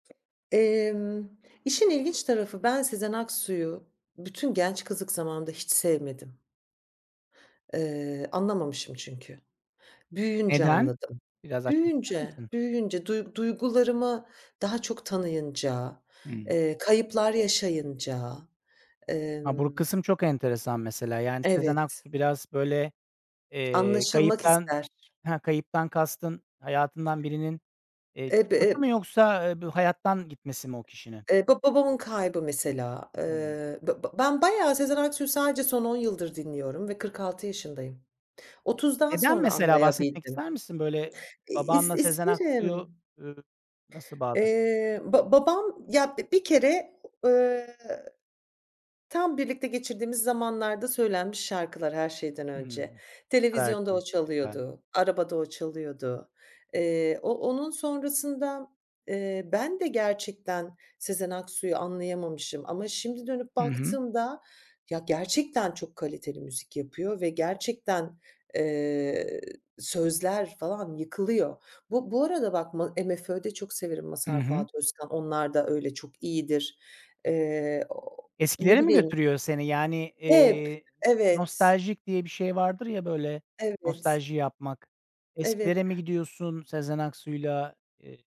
Emm, işin ilginç tarafı ben Sezen Aksu'yu bütün genç kızlık zamanında hiç sevmedim. Iıı, anlamamışım çünkü. Büyüyünce Neden? anladım. Biraz açmak ister Büyüyünce, misin? büyüyünce duyg duygularımı daha çok tanıyınca, Hımm. ııı, kayıplar yaşayınca, Ha, bur ımm. kısım çok enteresan mesela. Yani, Sezen Evet. Aksu biraz, böyle, eee, Anlaşılmak kayıptan ister. Ha, kayıptan kastın hayatından birinin, eee, çıkması [unintelligible] mı yoksa du hayattan gitmesi mi o kişinin? Eee, ba babamın kaybı mesela. Hıı. Iıı, b b ben bayağı Sezen Aksu'yu sadece son 10 yıldır dinliyorum ve 46 yaşındayım, 30'dan Neden, sonra mesela, bahsetmek anlayabildim. ister misin, böyle? İ is Babanla Sezen Aksu'yu, isterim. ııı, nasıl bağdaş Eee, ba babam, ya, bi bir kere, ııı, tam birlikte geçirdiğimiz zamanlarda söylenmiş şarkılar her şeyden Hımm. önce. Ne kadar Televizyonda o keyifli, güzel. çalıyordu, arabada o çalıyordu. Eee, o onun sonrasında, eee, ben de gerçekten Sezen Aksu'yu anlayamamışım ama şimdi dönüp Hı hı. baktığımda, ya, gerçekten çok kaliteli müzik yapıyor ve gerçekten, eee, sözler falan yıkılıyor. Bu bu arada bak ma MFÖ'de çok severim Hı Mazhar hı. Fuat Özkan. Onlar da öyle çok iyidir. Eee, o ne Eskilere mi bileyim. götürüyor seni? Yani, Hep, eee, evet. nostaljik diye bir şey vardır ya, böyle, Evet. nostalji yapmak. Evet. Eskilere mi gidiyorsun Sezen Aksu'yla? Iıı